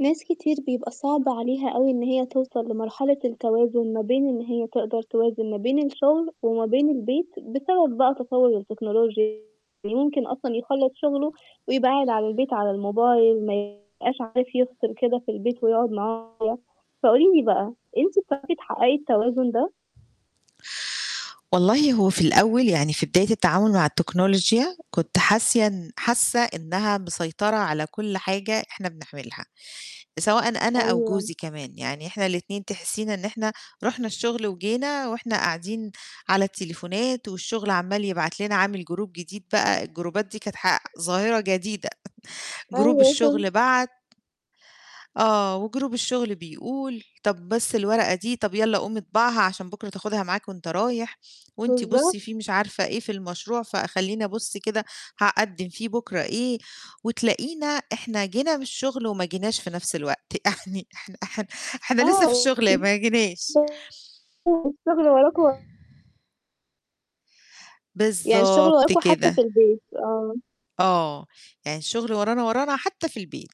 ناس كتير بيبقى صعب عليها أوي إن هي توصَل لمرحلة التوازن ما بين إن هي تقدَر توازن ما بين الشغل وما بين البيت، بسبب بقى تطوّر التكنولوجيا، ويمكن أصلًا يخلَّص شغلُه ويبقى قاعد على البيت على الموبايل، ما يبقاش عارف يفصِل كده في البيت ويقعد مع. [unintelligible] فقولي لي بقى أنتِ بتعرفي تحقِّقي التوازن ده؟ والله هو في الأول يعني في بداية التعامل مع التكنولوجيا، كنت حاسة، حاسة إنها مسيطرة على كُلّ حاجة إحنا بنعملها، سواءً أنا أو أيوه. جوزي كمان، يعني إحنا الاتنين تحسينا إن إحنا رُحنا الشغل وجينا، وإحنا قاعدين على التليفونات والشغل عَمَّال يبعت لنا، عامل group جديد بقى، الجروبات دي كانت ح ظاهرة جديدة، group أيوه، الشغل فهمتِك. بَعَت آه، و group الشغل بيقول، طَب بس الورقة دي، طَب يالّا قُوم اطبعها عشان بُكرة تاخدها معاك وأنت رايح، وأنتِ بالضبط. بُصّي فيه مش عارفة إيه في المشروع فخلّيني أبُصّ كده هاقدِّم فيه بُكرة إيه، وتلاقينا إحنا جينا من الشغل وما جيناش في نفْس الوقت، يعني إحنا إحنا إحنا لسه في آه، الشغل ما جيناش. [unintelligible] الشغل وراكم و يعني الشغل بالضبط وراكم حتى في كده. البيت، آه. آه، يعني الشغل ورانا، ورانا حتى في البيت.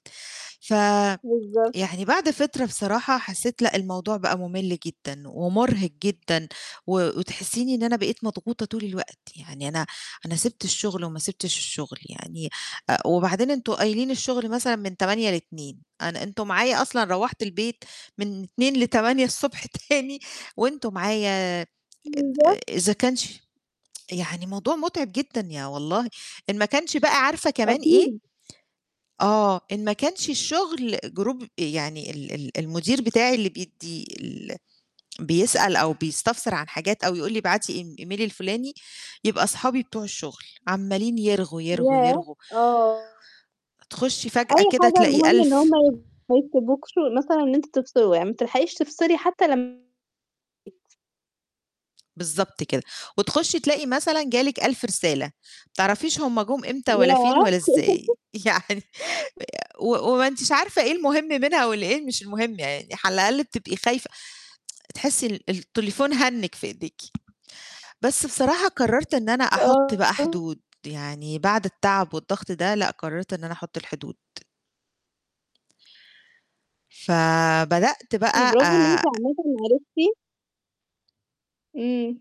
فيعني بالضبط. بعد فترة بصراحة حسيت لأ الموضوع بقى مُمِلّ جدًا، ومُرهِق جدًا و وتحسيني إن أنا بقيت مضغوطة طول الوقت، يعني أنا أنا سِبت الشغل وما سِبتش الشغل يعني، أ وبعدين أنتوا قايلين الشغل مثلًا من 08:00 ل14:00، أنا أنتوا معايا أصلًا روَّحت البيت من 14:00 ل08:00 الصبح تاني، وأنتوا معايا آآ، بالضبط. إذا كان ش يعني موضوع متعب جدًا يا والله، إن ما كانش بقى عارفة كمان إيه؟ أكيد. آه، إن ما كانش الشغل group يعني ال ال المدير بتاعي اللي بيدّي ال بيسأل أو بيستفسر عن حاجات أو يقول لي ابعتي إيم email الفلاني، يبقى صحابي بتوع الشغل، عَمَّالين يرغوا، يرغوا، ياه! يرغوا. آه. تخُشّي فجأة أي كده حاجة تلاقي المهم إن 1000 هُم ي ما [unintelligible] مثلًا إن أنتم تفصِلوا، يعني ما بتلحقيش تفصِلي حتى لمّا بالضبط كده. وتخُشّي تلاقي مثلًا جه لِك 1000 رسالة، ما تعرفيش هُم جُم إمتى والَّا فين ياه! والَّا إزاي! يعني و وما أنتيش عارفة إيه المهم منها والإيه مش المهم يعني، على الأقل بتبقي خايفة تحسي ال التليفون هَنِّج في إيديكِ. بس بصراحة قرّرت إن أنا أحُطّ بقى آه. حدود، يعني بعد التعب والضغط ده لأ، قرّرت إن أنا أحُطّ الحدود. ف بدأت [unintelligible] بقى برافو إن أنتِ آآ عامةً عرفتِ إمم.